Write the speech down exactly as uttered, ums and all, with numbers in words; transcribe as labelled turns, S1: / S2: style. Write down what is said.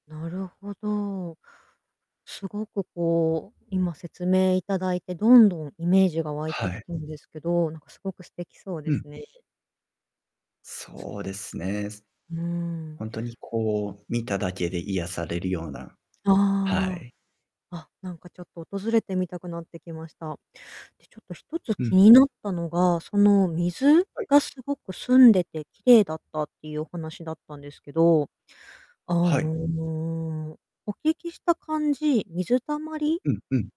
S1: なるほど。すごく、こう、今説明頂いてどんどんイメージが湧い
S2: は
S1: てき
S2: い。
S1: たんですけど、なんかすごく素敵そうで
S2: うん。
S1: すね。
S2: そうですね。す
S1: うーん。
S2: ほんとにこう見ただけで癒されるような、は
S1: ああ。
S2: い。
S1: あっ、なんかちょっと訪れてみたくなってきました。で、ちょっとひとつ
S2: う
S1: 気
S2: ん。
S1: になったのが、その水
S2: はい。
S1: が凄く澄んでて綺麗だったっていうお話だったんですけど、あ
S2: はい。
S1: の、お聞きした感じ、水たまり
S2: うんうん。